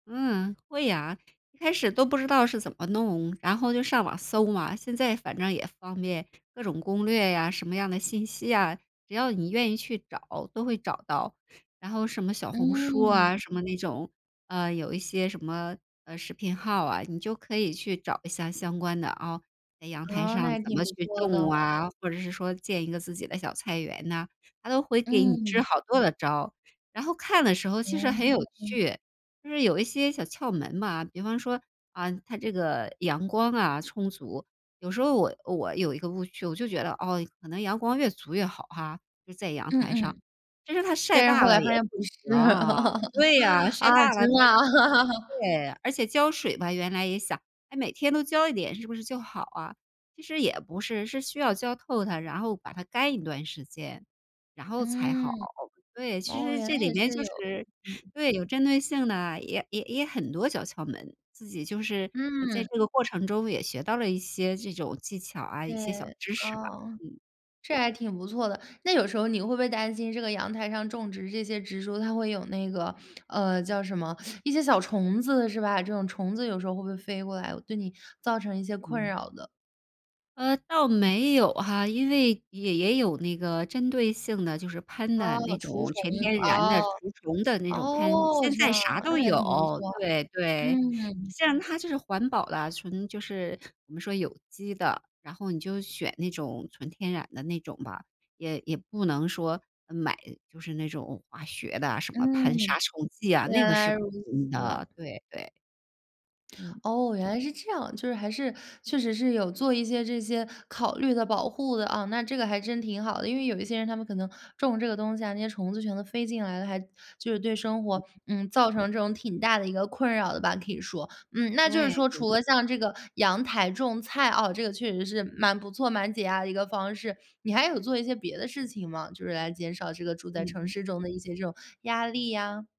嗯，会呀。一开始都不知道是怎么弄，然后就上网搜嘛。现在反正也方便，各种攻略呀，什么样的信息呀，只要你愿意去找都会找到。然后什么小红书啊嗯。什么那种，呃，有一些什么，呃，视频号啊，你就可以去找一下相关的啊，在阳台啊，上那也怎挺么不去错的。种啊，或者是说建一个自己的小菜园呐，它都会给你支嗯。好多的招。然后看的时候其实很有哦。趣，就是有一些小窍门嘛。比方说啊，它这个阳光啊充足。有时候我我有一个误区，我就觉得哦，可能阳光越足越好哈，就在阳嗯台上，嗯。其是它晒但是后大来了发也现不不行。是，对啊，晒啊，大了真它的 啊。对，而且浇水吧，原来也想，哎，每天都浇一点是不是就好啊。其实也不是，是需要浇透它，然后把它干一段时间，然后才好。嗯。对，其哦，实原来这里也面是就有，是嗯。对，有针对性的，也也也很多小窍门。自己就是在嗯。这个过程中也学到了一些这种技巧啊，一些小对，知识吧。啊。嗯。这还挺不错的。那有时候你会不会担心这个阳台上种植这些植株，它会有那个呃，叫什么，一些小虫子是吧？这种虫子有时候会不会飞过来，对你造成一些困嗯。扰的？呃，倒没有哈。因为也也有那个针对性的，就是喷啊，的那除种虫，全天然啊。的除虫的那种喷。哦，现这在样，啥那都也挺不有，错。对对。嗯。像它就是环保的，纯就是我们说有机的。然后你就选那种纯天然的那种吧，也也不能说买就是那种化学的什么喷杀嗯。虫剂啊，那原个是来不如能用此。的，对对。嗯。哦，原来是这样。就是还是确实是有做一些这些考虑的保护的啊，那这个还真挺好的，因为有一些人他们可能种这个东西啊，那些虫子全都飞进来了，还就是对生活，嗯，造成这种挺大的一个困扰的吧，可以说。嗯，那就对是说对。除了像这个阳台种菜啊，这个确实是蛮不错，蛮解压的一个方式，你还有做一些别的事情吗？就是来减少这个住在嗯城哼。市中的一些这种压力呀？